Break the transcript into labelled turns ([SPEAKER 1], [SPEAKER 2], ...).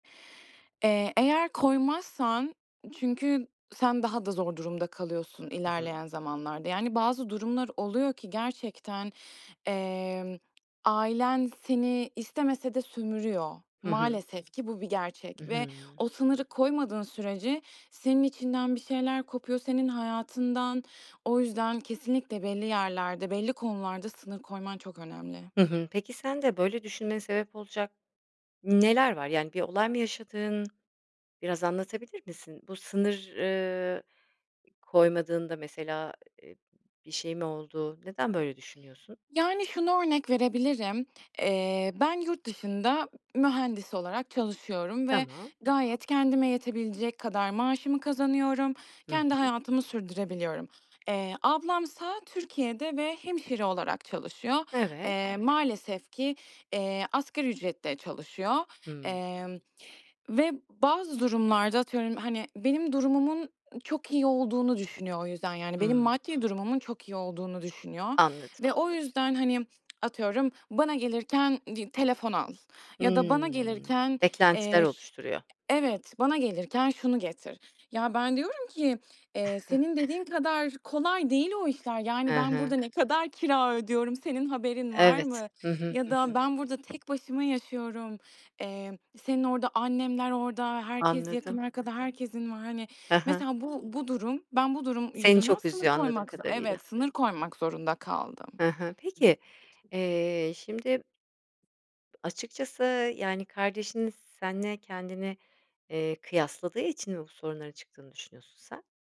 [SPEAKER 1] Eee, eğer koymazsan çünkü sen daha da zor durumda kalıyorsun
[SPEAKER 2] Hı hı.
[SPEAKER 1] ilerleyen zamanlarda. Yani bazı durumlar oluyor ki gerçekten, emm, ailen seni istemese de sömürüyor.
[SPEAKER 2] Hı hı.
[SPEAKER 1] Maalesef ki bu bir gerçek
[SPEAKER 2] Hı
[SPEAKER 1] ve
[SPEAKER 2] hı.
[SPEAKER 1] o sınırı koymadığın sürece senin içinden bir şeyler kopuyor, senin hayatından. O yüzden kesinlikle belli yerlerde, belli konularda sınır koyman çok önemli.
[SPEAKER 2] Hı hı. Peki sende böyle düşünmeye sebep olacak neler var? Yani bir olay mı yaşadığın? Biraz anlatabilir misin? Bu sınır, ııı, ı koymadığında mesela, eee, bir şey mi oldu? Neden böyle düşünüyorsun?
[SPEAKER 1] Yani şunu örnek verebilirim. Eee, ben yurt dışında ı mühendis olarak çalışıyorum ve
[SPEAKER 2] Tamam.
[SPEAKER 1] gayet kendime yetebilecek kadar maaşımı kazanıyorum.
[SPEAKER 2] Hı
[SPEAKER 1] Kendi
[SPEAKER 2] hı.
[SPEAKER 1] hayatımı sürdürebiliyorum. Eee, ablamsa Türkiye'de ve hemşire olarak çalışıyor.
[SPEAKER 2] Evet.
[SPEAKER 1] Eee, maalesef ki, eee, asgari ücretle çalışıyor,
[SPEAKER 2] Hıı.
[SPEAKER 1] emm, ve bazı durumlarda atıyorum hani benim durumumun, ııı, çok iyi olduğunu düşünüyor o yüzden yani benim
[SPEAKER 2] Hıı.
[SPEAKER 1] maddi durumumun çok iyi olduğunu düşünüyor
[SPEAKER 2] Anladım.
[SPEAKER 1] ve o yüzden hani atıyorum bana gelirken di telefon al ya da bana
[SPEAKER 2] Hıı,
[SPEAKER 1] gelirken,
[SPEAKER 2] beklentiler
[SPEAKER 1] eee, ş
[SPEAKER 2] oluşturuyor.
[SPEAKER 1] evet bana gelirken şunu getir. Ya ben diyorum ki, eee, senin dediğin kadar kolay değil o işler. Yani
[SPEAKER 2] Hı
[SPEAKER 1] ben
[SPEAKER 2] hı.
[SPEAKER 1] burada ne kadar kira ödüyorum, senin haberin var
[SPEAKER 2] Evet.
[SPEAKER 1] mı
[SPEAKER 2] Hı hı.
[SPEAKER 1] ya
[SPEAKER 2] Hı
[SPEAKER 1] da
[SPEAKER 2] hı.
[SPEAKER 1] ben burada tek başıma yaşıyorum, emm, senin orada annemler orada, herkes yakın
[SPEAKER 2] Anladım.
[SPEAKER 1] arkada herkesin var. Hani
[SPEAKER 2] Hı hı.
[SPEAKER 1] mesela bu bu durum, ben bu durum
[SPEAKER 2] Seni
[SPEAKER 1] yüzünden
[SPEAKER 2] çok
[SPEAKER 1] sınır
[SPEAKER 2] üzüyor anladığım
[SPEAKER 1] koymak zo
[SPEAKER 2] kadarıyla.
[SPEAKER 1] Evet, sınır koymak zorunda
[SPEAKER 2] Hı
[SPEAKER 1] kaldım.
[SPEAKER 2] hı, peki, eee, şimdi açıkçası yani kardeşin seninle kendini, eee, kıyasladığı için mi bu sorunların çıktığını düşünüyorsun sen?